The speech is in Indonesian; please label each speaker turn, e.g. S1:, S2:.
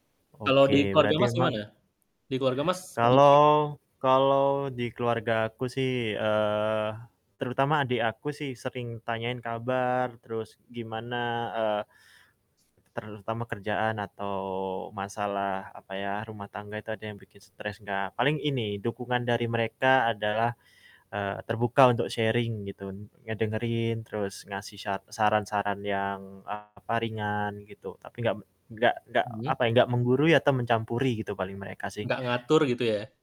S1: Kalau
S2: Oke
S1: di keluarga
S2: berarti
S1: Mas
S2: emang
S1: gimana? Di keluarga Mas. [unintelligible]
S2: Kalau kalau di keluargaku sih, eee, terutama adik aku sih sering tanyain kabar terus gimana, eee terutama kerjaan atau masalah apa ya, rumah tangga itu ada yang bikin stres gak paling ini dukungan dari mereka adalah, eee, terbuka untuk sharing gitu n ngedengerin terus ngasih syat saran-saran yang apa, ringan gitu tapi nggak me nggak nggak
S1: Mhm.
S2: apa ya nggak menggurui atau mencampuri gitu paling mereka sih.
S1: Nggak ngatur gitu ya?